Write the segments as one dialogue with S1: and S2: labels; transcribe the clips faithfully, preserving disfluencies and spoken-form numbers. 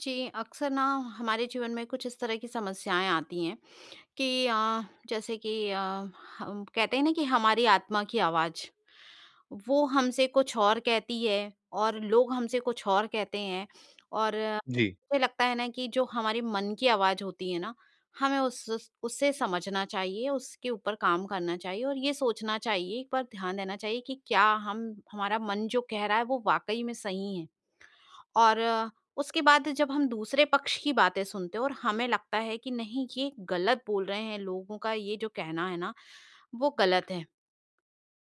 S1: जी, अक्सर ना हमारे जीवन में कुछ इस तरह की समस्याएँ आती हैं कि अ, जैसे कि अ, कहते हैं ना कि हमारी आत्मा की आवाज, वो हमसे कुछ और कहती है और लोग हमसे कुछ और कहते हैं और
S2: जी।
S1: मुझे लगता है ना कि जो हमारे मन की आवाज होती है ना, हमें उस उससे समझना चाहिए, उसके ऊपर काम करना चाहिए और ये सोचना चाहिए, एक बार ध्यान देना चाहिए कि क्या हम हमारा मन जो कह रहा है, वो वाक़ई में सही है? और उसके बाद जब हम दूसरे पक्ष की बातें सुनते हैं और हमें लगता है कि नहीं, ये गलत बोल रहे हैं, लोगों का ये जो कहना है ना, वो गलत है।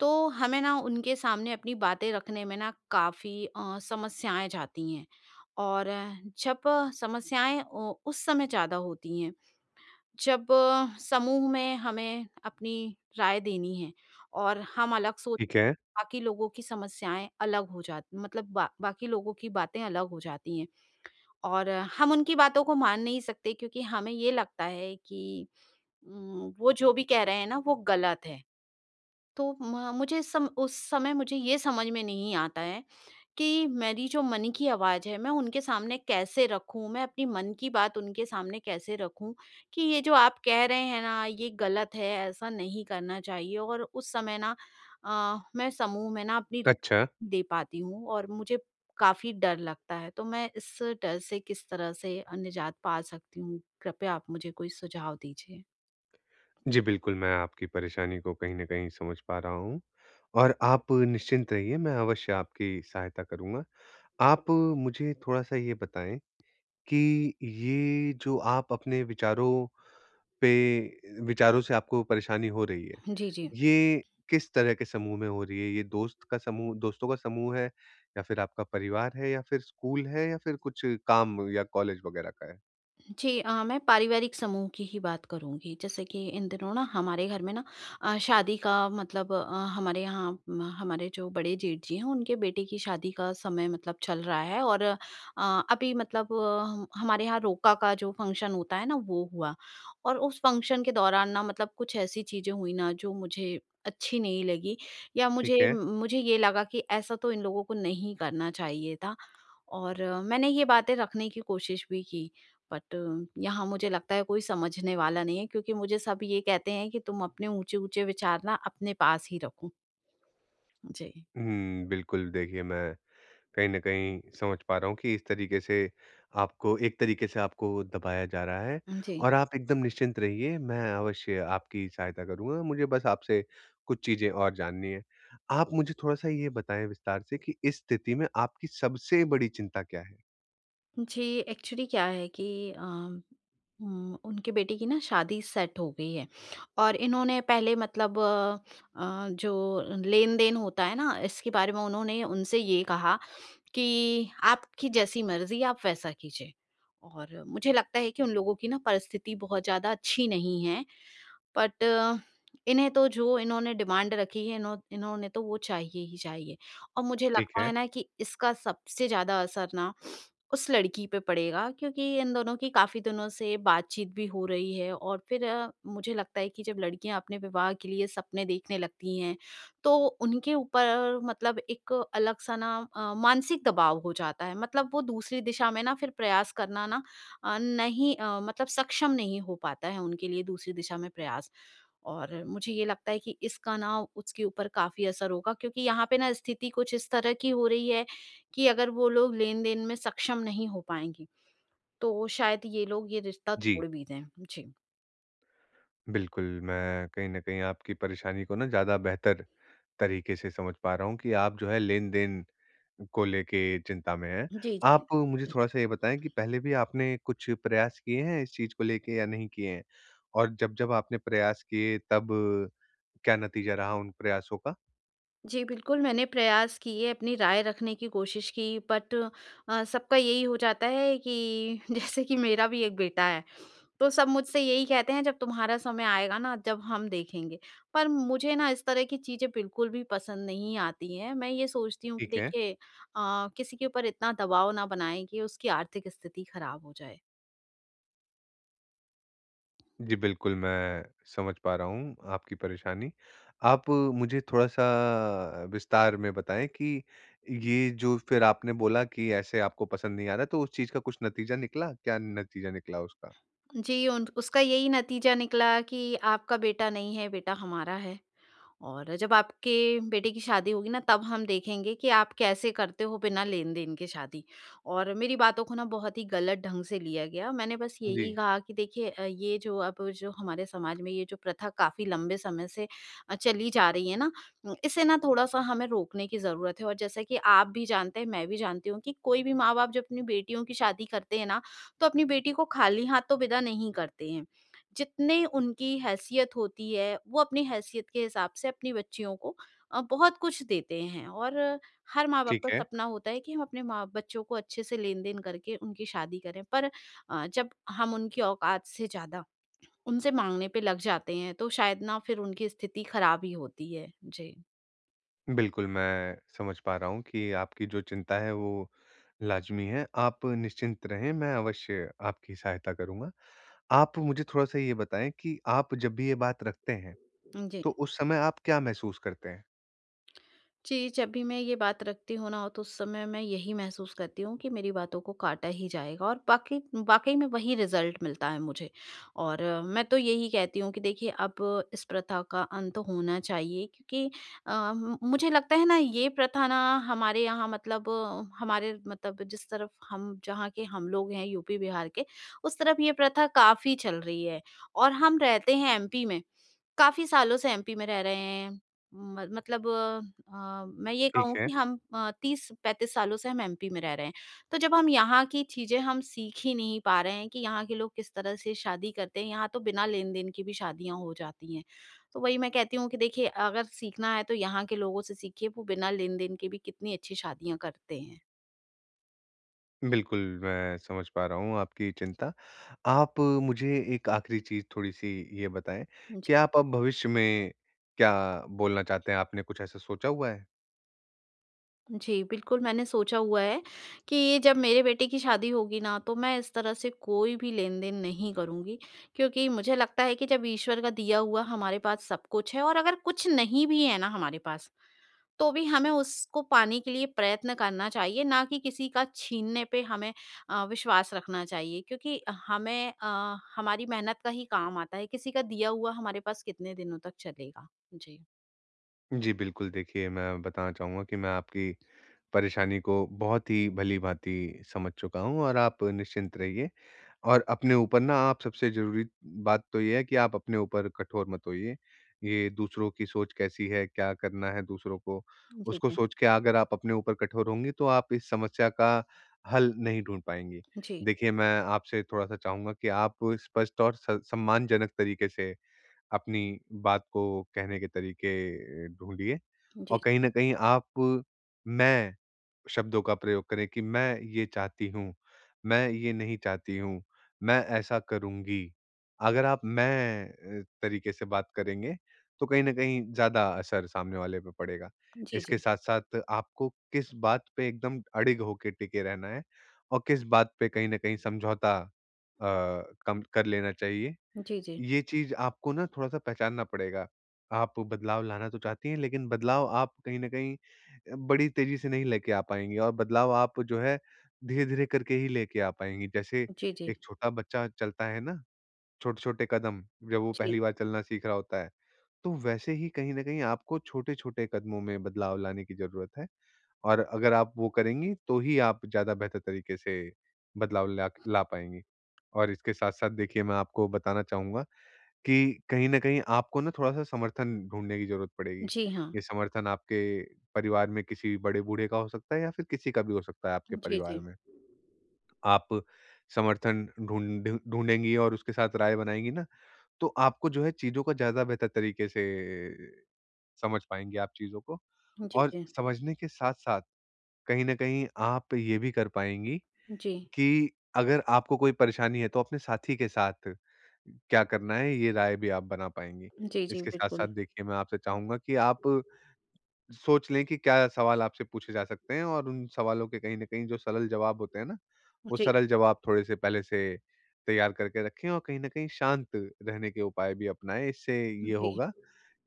S1: तो हमें उनके सामने अपनी बातें रखने में ना काफ़ी अ, समस्याएँ जाती हैं और जब समस्याएँ उ उस समय ज़्यादा होती हैं, जब समूह में हमें अपनी राय देनी है और हम अलग सोच
S2: ठीक है।
S1: बाकी लोगों की समस्याएँ अलग हो जाती मतलब ब बाकी लोगों की बातें अलग हो जाती हैं। और हम उनकी बातों को मान नहीं सकते क्योंकि हमें ये लगता है कि उम, वो जो भी कह रहे हैं ना, वो गलत है। तो म म सम उस समय मुझे ये समझ में नहीं आता है कि मेरी जो मन की आवाज है, मैं उनके सामने कैसे रखूँ? मैं अपनी मन की बात उनके सामने कैसे रखूँ कि ये जो आप कह रहे हैं ना, ये गलत है, ऐसा नहीं करना चाहिए और उस समय ना अ, मैं समूह में ना अपनी
S2: अच्छा।
S1: पाती हूँ और मुझे काफ़ी डर लगता है तो मैं इस डर से किस तरह से अ, निजात पा सकती हूँ, कृपया आप मुझे कोई सुझाव दीजिए?
S2: जी, बिल्कुल, मैं आपकी परेशानी को कहीं न कहीं समझ पा रहा हूँ और आप निश्चिंत रहिए, मैं अवश्य आपकी सहायता करूँगा। आप मुझे थोड़ा-सा ये बताएँ, कि ये जो आप अपने विचारों पे विचारों से आपको परेशानी हो रही है,
S1: जी, जी।
S2: ये किस तरह के समूह में हो रही है? ये दोस्त का समूह दोस्तों का समूह है या फिर आपका परिवार है या फिर स्कूल है या फिर कुछ काम या कॉलेज वगैरह का है?
S1: जी, अ, मैं पारिवारिक समूह की ही बात करूँगी। जैसे कि इन दिनों हमारे घर में ना अ, शादी का मतलब अ, हमारे यहाँ हमारे जो बड़े जेठ जी हैं, उनके बेटे की शादी का समय मतलब, चल रहा है और अ, अभी मतलब अ, हमारे यहाँ रोका का जो फ़ंक्शन होता है ना, वो हुआ। और उस फ़ंक्शन के दौरान ना मतलब, कुछ ऐसी चीज़ें हुई ना, जो मुझे अच्छी नहीं लगीं या मुझे
S2: ठीक है।
S1: मुझे ये लगा कि ऐसा तो इन लोगों को नहीं करना चाहिए था। और मैंने ये बातें रखने की कोशिश भी की बट यहाँ मुझे लगता है कोई समझने वाला नहीं है क्योंकि मुझे सब ये कहते हैं कि, तुम अपने ऊँचे-ऊँचे विचार ना अपने पास ही रखो। जी।
S2: हुँ, बिल्कुल। देखिए, मैं कहीं न कहीं समझ पा रहा हूँ कि इस तरीके से आपको एक तरीके से आपको दबाया जा रहा है,
S1: उ, जी।
S2: और आप एकदम निश्चिंत रहिए मैं अवश्य आपकी सहायता करूँगा। मुझे बस आपसे कुछ चीज़ें और जाननी हैं। आप मुझे थोड़ा-सा ये बताएँ विस्तार से कि इस स्थिति में आपकी सबसे बड़ी चिंता क्या है?
S1: जी, एक्चुअली क्या है कि अ, उम, उनके बेटे की ना शादी सेट हो गई है और इन्होंने पहले मतलब अ, जो लेन-देन होता है ना, इसके बारे में उन्होंने उनसे ये कहा कि आपकी जैसी मर्ज़ी, आप वैसा कीजिए, और मुझे लगता है कि उन लोगों की ना परिस्थिति बहुत ज़्यादा अच्छी नहीं है। बट इन्हें, तो जो इन्होंने डिमांड रखी है, इन्हों इन्होंने तो वो चाहिए ही चाहिए। और मुझे
S2: ठीक
S1: लगता
S2: है।
S1: है ना, कि इसका सबसे ज़्यादा असर ना उस लड़की पे पड़ेगा क्योंकि इन दोनों की काफ़ी दिनों से बातचीत भी हो रही है, और फिर मुझे लगता है कि जब लड़कियाँ अपने विवाह के लिए सपने देखने लगती हैं, तो उनके ऊपर, मतलब, एक अलग-सा ना अ, मानसिक दबाव हो जाता है। मतलब, वो दूसरी दिशा में ना फिर प्रयास करना ना नहीं अ, मतलब, सक्षम नहीं हो पाता है उनके लिए दूसरी दिशा में प्रयास। और मुझे ये लगता है कि इसका ना उसके ऊपर काफ़ी असर होगा क्योंकि यहाँ पे ना स्थिति कुछ इस तरह की हो रही है कि अगर वो लोग लेन-देन में सक्षम नहीं हो पाएँगे, तो शायद ये लोग यह रिश्ता
S2: जी।
S1: तोड़ भी दें। जी।
S2: बिल्कुल, मैं कहीं न कहीं आपकी परेशानी को ना ज़्यादा बेहतर तरीके से समझ पा रहा हूँ कि आप जो है लेन-देन को लेके चिंता में हैं।
S1: जी,
S2: आप
S1: जी।
S2: मुझे थोड़ा-सा ये बताएँ कि पहले भी आपने कुछ प्रयास किए हैं इस चीज़ को लेके या नहीं किए हैं और जब-जब आपने प्रयास किए तब क्या नतीजा रहा उन प्रयासों का?
S1: जी, बिल्कुल मैंने प्रयास किए, अपनी राय रखने की कोशिश की बट अ, सबका यही हो जाता है कि जैसे कि मेरा भी एक बेटा है। तो सब मुझसे यही कहते हैं जब तुम्हारा समय आएगा ना जब हम देखेंगे पर मुझे ना इस तरह की चीज़ें बिल्कुल भी पसंद नहीं आती हैं, मैं ये सोचती हूँ कि
S2: ठीक है।
S1: देखिए अ, किसी के ऊपर इतना दबाव ना बनाएँ कि उसकी आर्थिक स्थिति खराब हो जाए।
S2: जी बिल्कुल, मैं समझ पा रहा हूँ आपकी परेशानी। आप मुझे थोड़ा-सा अ, विस्तार में बताएँ कि ये जो फिर आपने बोला कि ऐसे आपको पसंद नहीं आ रहा है तो उस चीज़ का कुछ नतीजा निकला, क्या नतीजा निकला उसका?
S1: जी, उन उसका यही नतीजा निकला कि आपका बेटा नहीं है, बेटा हमारा है। और जब आपके बेटे की शादी होगी ना तब हम देखेंगे कि आप कैसे करते हो बिना लेनदेन के शादी और मेरी बातों को ना बहुत ही गलत ढंग से लिया गया, मैंने बस यही
S2: जी।
S1: कहा कि देखिए अ, ये जो अब हमारे समाज में ये जो प्रथा काफ़ी लंबे समय से अ, चली जा रही है ना, उम, इसे ना थोड़ा-सा हमें रोकने की ज़रूरत है और जैसे कि आप भी जानते हैं, मैं भी जानती हूँ कि कोई भी माँ-बाप जब अपनी बेटियों की शादी करते हैं ना तो अपनी बेटी को खाली हाथों विदा नहीं करते हैं। जितनी उनकी हैसियत होती है, वो अपनी हैसियत के हिसाब से अपनी बच्चियों को अ, बहुत कुछ देते हैं और हर माँ-बाप
S2: ठीक
S1: का
S2: है।
S1: सपना होता है कि वो अपने बच्चों को अच्छे से लेन-देन करके उनकी शादी करें, पर अ, जब हम उनकी औकात से ज़्यादा उनसे माँगने पे लग जाते हैं तो शायद ना फिर उनकी स्थिति खराब ही होती है। जी।
S2: बिल्कुल, मैं समझ पा रहा हूँ कि आपकी जो चिंता है वो लाजमी है, आप निश्चिंत रहें मैं अवश्य आपकी सहायता करूँगा। आप मुझे थोड़ा-सा ये बताएँ कि आप जब भी ये बात रखते हैं,
S1: उम, जी।
S2: तो उस समय आप क्या महसूस करते हैं?
S1: जी जब भी मैं ये बात रखती हूँ ना तो उस समय मैं यही महसूस करती हूँ कि मेरी बातों को काटा ही जाएगा और बाके वाक़ई में वही रिजल्ट मिलता है मुझे। और मैं तो यही कहती हूँ कि देखिए अब इस प्रथा का अंत होना चाहिए क्योंकि अ, म मुझे लगता है ना ये प्रथा ना हमारे यहाँ मतलब हमारे मतलब जिस तरफ़ हम जहाँ के हम लोग हैं यूपी-बिहार के, उस तरफ़ ये प्रथा काफ़ी चल रही है और हम रहते हैं एमपी में। काफ़ी सालों से एमपी में रह रहे हैं। म मतलब अम, मैं ये
S2: ठीक
S1: कहूँ
S2: है।
S1: कि हम अ, तीस पैंतीस सालों से हम एमपी में रह रहे हैं। तो जब हम यहाँ की चीज़े हम सीख ही नहीं पा रहे हैं कि यहाँ के लोग किस तरह से शादी करते हैं, यहाँ तो बिना लेन-देन की भी शादियाँ हो जाती हैं, तो वही मैं कहती हूँ कि देखिए अगर सीखना है तो यहाँ के लोगों से सीखिए वो बिना लेन-देन के भी कितनी अच्छी शादियाँ करते हैं।
S2: बिल्कुल मैं समझ पा रहा हूँ आपकी चिंता। आप मुझे एक आखिरी चीज़ थोड़ी-सी ये बताएँ
S1: जी।
S2: कि आप अब भविष्य में क्या बोलना चाहते हैं, आपने कुछ ऐसा सोचा हुआ है?
S1: जी, बिल्कुल मैंने सोचा हुआ है कि जब मेरे बेटे की शादी होगी ना तो मैं इस तरह से कोई भी लेन-देन नहीं करूँगी। क्योंकि मुझे लगता है कि जब ईश्वर का दिया हुआ हमारे पास सब कुछ है और अगर कुछ नहीं भी है ना हमारे पास तो भी हमें उसको पाने के लिए प्रयत्न करना चाहिए ना कि किसी का छीनने पे हमें अ, विश्वास रखना चाहिए क्योंकि हमें अ, हमारी मेहनत का ही काम आता है, किसी का दिया हुआ हमारे पास कितने दिनों तक चलेगा। जी।
S2: जी बिल्कुल, देखिए, मैं बताना चाहूँगा कि मैं आपकी परेशानी को बहुत ही भली-भांति समझ चुका हूँ और आप निश्चिंत रहिए और अपने ऊपर ना आप सबसे ज़रूरी बात तो ये है कि आप अपने ऊपर कठोर मत होइए। ये दूसरों की सोच कैसी है, क्या करना है दूसरों को
S1: जी,
S2: उसको
S1: जी।
S2: सोच के अगर आप अपने ऊपर कठोर होंगी तो आप इस समस्या का हल नहीं ढूँढ पाएँगी।
S1: जी।
S2: देखिए, मैं आपसे थोड़ा-सा चाहूँगा कि आप स्पष्ट और स सम्मानजनक तरीके से अपनी बात को कहने के तरीके अ, ढूँढिए। और
S1: जी।
S2: कहीं न कहीं आप मैं शब्दों का प्रयोग करें कि मैं ये चाहती हूँ, मैं ये नहीं चाहती हूँ, मैं ऐसा करूँगी। अगर आप मैं तरीके से बात करेंगे तो कहीं न कहीं ज़्यादा असर सामने वाले पे पड़ेगा।
S1: जी,
S2: इसके
S1: जी।
S2: साथ-साथ आपको किस बात पे एकदम अड़िग होके टिके रहना है और किस बात पे कहीं न कहीं समझौता अ अ, कम कर लेना चाहिए।
S1: जी, जी।
S2: ये चीज़ आपको ना थोड़ा-सा पहचानना पड़ेगा। आप बदलाव लाना तो चाहती हैं लेकिन बदलाव आप कहीं न कहीं बड़ी तेजी से नहीं लेकर आ पाएँगी और बदलाव आप जो है धीरे-धीरे करके ही लेेके आ पाएँगी। जैसे
S1: जी, जी।
S2: एक छोटा बच्चा चलता है ना, छोटे-छोटे कदम जब वो
S1: जी।
S2: पहली बार चलना सीख रहा होता है तो वैसे ही कहीं न कहीं आपको छोटे-छोटे कदमों में बदलाव लाने की ज़रूरत है और अगर आप वो करेंगी तो ही आप ज़्यादा बेहतर तरीके से बदलाव ला ला पाएँगे। और इसके साथ-साथ देखिए मैं आपको बताना चाहूँगा कि कहीं न कहीं आपको ना थोड़ा-सा समर्थन ढूँढने की ज़रूरत पड़ेगी।
S1: जी, हाँ।
S2: ये समर्थन आपके परिवार में किसी बड़े बूढ़े का हो सकता है या फिर किसी का भी हो सकता है आपके
S1: जी, जी।
S2: परिवार में। आप समर्थन ढूँढ ढूँढेंगी और उसके साथ राय बनाएँगे ना तो आपको जो है चीज़ों को ज़्यादा बेहतर तरीके से समझ पाएँगे आप चीज़ों को
S1: जी,
S2: और
S1: जी।
S2: समझने के साथ-साथ, कहीं न कहीं आप ये भी कर पाएँगी
S1: जी।
S2: कि अगर आपको कोई परेशानी है तो अपने साथी के साथ क्या करना है ये राय भी आप बना पाएँगी।
S1: जी, जी,
S2: इसके साथ-साथ
S1: बिल्कुल।
S2: देखिए मैं आपसे चाहूँगा कि आप सोच लें कि क्या सवाल आपसे पूछे जा सकते हैं और उन सवालों के कहीं न कहीं जो सरल जवाब होते हैं ना, वो
S1: जी।
S2: सरल जवाब थोड़े से पहले से तैयार करके रखें और कहीं न कहीं शांत रहने के उपाय भी अपनाएँ। इससे ये
S1: जी।
S2: होगा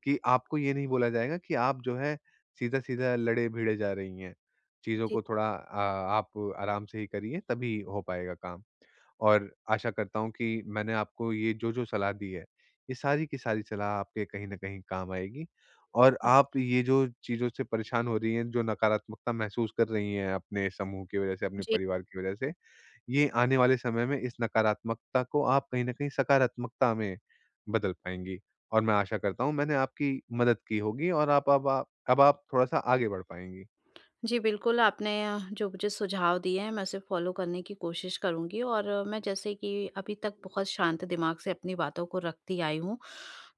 S2: कि आपको ये नहीं बोला जाएगा कि आप जो है सीधा-सीधा, लड़े-भीड़े जा रही हैं। चीज़ों
S1: जी।
S2: को थोड़ा अ, आप आराम से ही करिए तभी हो पाएगा काम। और आशा करता हूँ कि मैंने आपको ये जो-जो सलाह दी है, ये सारी की सारी सलाह आपके कहीं न कहीं काम आएगी और आप ये जो चीज़ों से परेशान हो रही हैं, जो नकारात्मकता महसूस कर रही हैं अपने समूह की वजह से, अपने
S1: जी।
S2: परिवार की वजह से, ये आने वाले समय में इस नकारात्मकता को आप कहीं न कहीं सकारात्मकता में बदल पाएँगी। और मैं आशा करता हूँ मैंने आपकी मदद की होगी और आप अब ब आप, अब आप थोड़ा-सा आगे बढ़ पाएँगी।
S1: जी, बिल्कुल आपने अ, जो मुझे सुझाव दिए हैं मैं उसे फॉलो करने की कोशिश करूँगी और मैं जैसे कि अभी तक बहुत शांत दिमाग से अपनी बातों को रखती आई हूँ।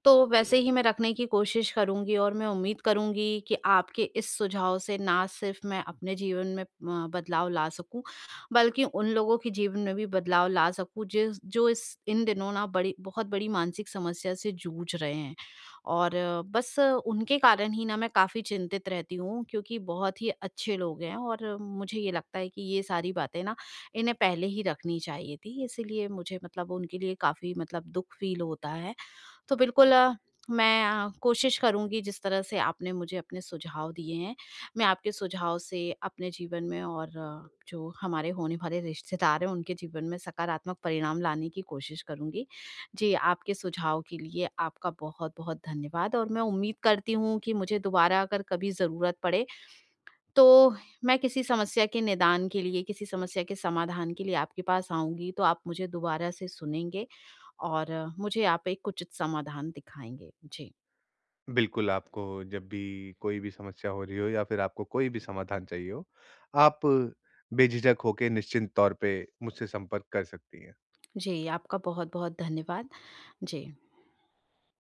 S1: तो वैसे ही मैं रखने की कोशिश करूँगी और मैं उम्मीद करूँगी कि आपके इस सुझाव से ना सिर्फ़ मैं अपने जीवन में उम, बदलाव ला सकूँ बल्कि उन लोगों के जीवन में भी बदलाव ला सकूँ जिस जो इस इन दिनों ना बड़ी बहुत बड़ी मानसिक समस्या से जूझ रहे हैं। और बस उनके कारण ही ना मैं काफ़ी चिंतित रहती हूँ क्योंकि बहुत ही अच्छे लोग हैं और मुझे ये लगता है कि ये सारी बातें ना इन्हें पहले ही रखनी चाहिए थी। इसीलिए मुझे मतलब उनके लिए काफ़ी मतलब दुख फ़ील होता है। तो बिल्कुल मैं अ, कोशिश करूँगी जिस तरह से आपने मुझे अपने सुझाव दिए हैं। मैं आपके सुझाव से अपने जीवन में और जो हमारे होने वाले रिश्तेदार हैं उनके जीवन में सकारात्मक परिणाम लाने की कोशिश करूँगी। जी, आपके सुझाव के लिए आपका बहुत-बहुत धन्यवाद और मैं उम्मीद करती हूँ कि मुझे दोबारा अगर कभी ज़रूरत पड़े तो मैं किसी समस्या के निदान के लिए, किसी समस्या के समाधान के लिए आपके पास आऊँगी तो आप मुझे दोबारा से सुनेंगे और मुझे आप एक उचित समाधान दिखाएँगे। जी।
S2: बिल्कुल, आपको जब भी कोई भी समस्या हो रही हो या फिर आपको कोई भी समाधान चाहिए हो, आप बेझिझक होकर निश्चिंत तौर पे मुझसे संपर्क कर सकती हैं।
S1: जी, आपका बहुत-बहुत धन्यवाद। जी।